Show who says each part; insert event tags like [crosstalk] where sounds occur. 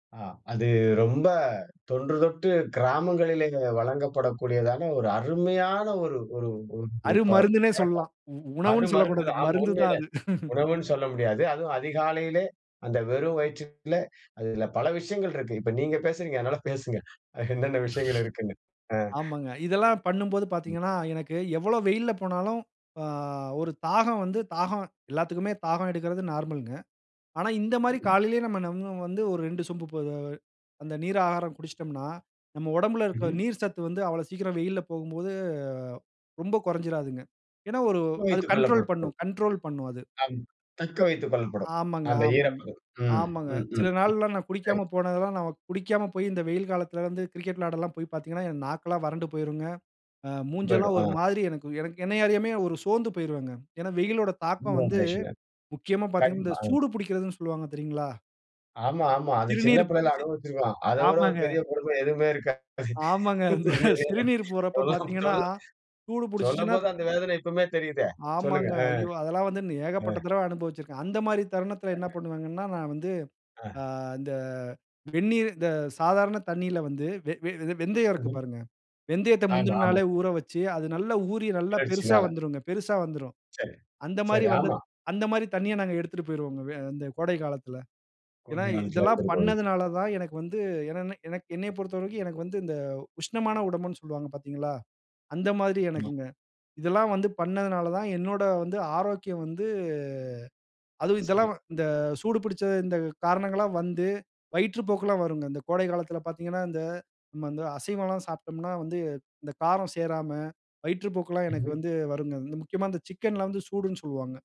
Speaker 1: ஆ அது ரொம்ப, தொன்று தொட்டு கிராமங்களிலேயே, வழங்கப்படக்கூடியதான ஒரு அருமையான ஒரு ஒரு ஒரு ப
Speaker 2: அருமருந்துனே
Speaker 1: பழக்கம்.
Speaker 2: சொல்லலாம். உ உணவுனு
Speaker 1: அருமருந்து
Speaker 2: சொல்லக்கூடாது.
Speaker 1: தான். ஆமா
Speaker 2: மருந்து தான்,
Speaker 1: உண்மையில.
Speaker 2: அது. [chuckles]
Speaker 1: உணவுனு சொல்ல முடியாது. அதுவும் அதிகாலையிலே, அந்த வெறும் வயிற்றில, அதில பல விஷயங்கள் இருக்கு. இப்ப நீங்க பேசுறீங்க. அதனால பேசுங்க, அ என்னென்ன விஷயங்கள் இருக்குனு.
Speaker 2: [sneezes]
Speaker 1: அ.
Speaker 2: ஆமாங்க. இதெல்லாம் பண்ணும்போது
Speaker 1: [inhales] ம்.
Speaker 2: பாத்தீங்கனா, எனக்கு எவ்வளவு வெயில்ல போனாலும், அ ஒரு தாகம் வந்து தாகம், எல்லாத்துக்குமே தாகம் எடுக்கறது நார்மல்ங்க. ஆனா, இந்த மாரி
Speaker 1: ம்.
Speaker 2: காலையிலேயே நம்ம நம்ம வந்து ஒரு 2 சொம்பு, போதவ அந்த நீர் ஆகாரம் குடுச்சுட்டோம்னா, நம்ம உடம்பில இருக்குற
Speaker 1: ம்ஹ்ம்.
Speaker 2: நீர் சத்து வந்து, அவ்வளவு சீக்கிரம் வெயில்ல போகும்போது, ரொம்ப கொறஞ்சுடாதுங்க. ஏனா, ஒரு அது
Speaker 1: வைத்துக்
Speaker 2: கண்ட்ரோல்
Speaker 1: கொள்ளப்படுத்தல்.
Speaker 2: பண்ணும் கண்ட்ரோல் பண்ணும், அது.
Speaker 1: அம். தக்க வைத்துக் கொள்ளப்படும்.
Speaker 2: ஆமாங்க.
Speaker 1: அந்த
Speaker 2: ஆமாங்
Speaker 1: ஈரப்பதம். ம்,
Speaker 2: ஆமாங்க.
Speaker 1: ம்,
Speaker 2: சில
Speaker 1: ம்.
Speaker 2: நாள்லாம் நான்
Speaker 1: சரி.
Speaker 2: குடிக்காம போனதெல்லாம், நம்ம குடிக்காம போயி, இந்த வெயில் காலத்தில வந்து கிரிக்கெட் விளையாடலாம் போய் பாத்தீங்கனா, என் நாக்கெல்லாம் வறண்டு போய்ரும்ங்க. அ,
Speaker 1: போய்டும்,
Speaker 2: மூஞ்செல்லாம் ஒரு
Speaker 1: அ.
Speaker 2: மாரி, எனக்கு எனக் என்னையறியாமயே ஒரு சோர்ந்து போயிருவேங்க. ஏனா, வெயிலோட தாக்கம்
Speaker 1: [unintelligible]
Speaker 2: வந்து,
Speaker 1: மேசியா.
Speaker 2: முக்கியமா பாத்தீங்கனா, இந்த
Speaker 1: கண்டிப்பா. அ.
Speaker 2: சூடு பிடிக்கிறதுனு சொல்வாங்க, தெரியுங்களா?
Speaker 1: ஆமா, ஆமா. அது சின்ன
Speaker 2: சிறுநீர்
Speaker 1: பிள்ளையில
Speaker 2: சி
Speaker 1: அனுபவிச்சு இருக்கோம். அத விட, ஒரு
Speaker 2: ஆமாங்க.
Speaker 1: பெரிய கொடுமை எதுவுமே இருக்காது.
Speaker 2: ஆமங்க. இந்த
Speaker 1: உண்மையிலேதான்.
Speaker 2: சிறுநீர் போறப்ப
Speaker 1: சொல்லம்
Speaker 2: பாத்தீங்கன்னா,
Speaker 1: சொல்ல
Speaker 2: சூடு பிடுச்சுச்சுனா
Speaker 1: சொல்லம்போது அந்த வேதனை இப்பவுமே தெரியுதே. சொல்லுங்க.
Speaker 2: ஆமாங்க.
Speaker 1: அ.
Speaker 2: ஐயோ! அதெல்லாம் வந்து இன்னும்
Speaker 1: அ.
Speaker 2: ஏகப்பட்ட தடவ அனுபவிச்சுருக்கேன். அந்த மாரி தருணத்தில, என்ன
Speaker 1: [unintelligible]
Speaker 2: பண்ணுவேங்கன்னா, நான் வந்து,
Speaker 1: ஆ.
Speaker 2: ஆ இந்த வெந்நீர் இந்த சாதாரண தண்ணீல வந்து, வெ வெ வெ வெந்தயம் இருக்கு
Speaker 1: அஹ்ம்.
Speaker 2: பாருங்க. வெந்தயத்த
Speaker 1: ஆமா,
Speaker 2: முந்தின
Speaker 1: ஆமா.
Speaker 2: நாளே ஊற வச்சு, அது நல்லா ஊறி, நல்லா பெருசா
Speaker 1: கிளர்ச்சினால.
Speaker 2: வந்துருங்க, பெருசா வந்துரும்.
Speaker 1: சரி,
Speaker 2: அந்த மாரி
Speaker 1: சரி.
Speaker 2: வந்த
Speaker 1: ஆமா.
Speaker 2: அந்த மாரி தண்ணிய, நாங்க எடுத்துட்டு போயிருவோங்க, வே அந்த கோடை காலத்தில. ஏனா,
Speaker 1: குழந்தை காலத்தில
Speaker 2: இதெல்லாம்
Speaker 1: எடுத்துட்டு போயி.
Speaker 2: பண்ணதுனால தான், எனக்கு வந்து என்னனா, எனக்கு என்னயப் பொறுத்தவரைக்கும் எனக்கு வந்து, இந்த உஷ்ணமான உடம்புனு சொல்வாங்க பாத்தீங்களா? அந்த மாரி
Speaker 1: ஆமா
Speaker 2: எனக்குங்க. இதெல்லாம் வந்து, பண்ணதுனாலதான் என்னோட வந்து, ஆரோக்கியம் வந்து, அதுவும் இதெல்லாம்
Speaker 1: சரி.
Speaker 2: வ இந்த சூடு பிடுச்ச, இந்த காரணங்கள்லாம் வந்து, வயிற்று போக்கெல்லாம் வருங்க. இந்த கோடை காலத்தில பாத்தீங்கன்னா, இந்த நம்ம வந்து அசைவலாம் சாப்ட்டோம்னா வந்து, இந்த காரம் சேராம, வயிற்று போக்கெல்லாம் எனக்கு
Speaker 1: ம்ஹ்ம்.
Speaker 2: வந்து வருங்க. இந்த முக்கியமா இந்த சிக்கன்லாம் வந்து, சூடுன்னு சொல்லுவாங்க.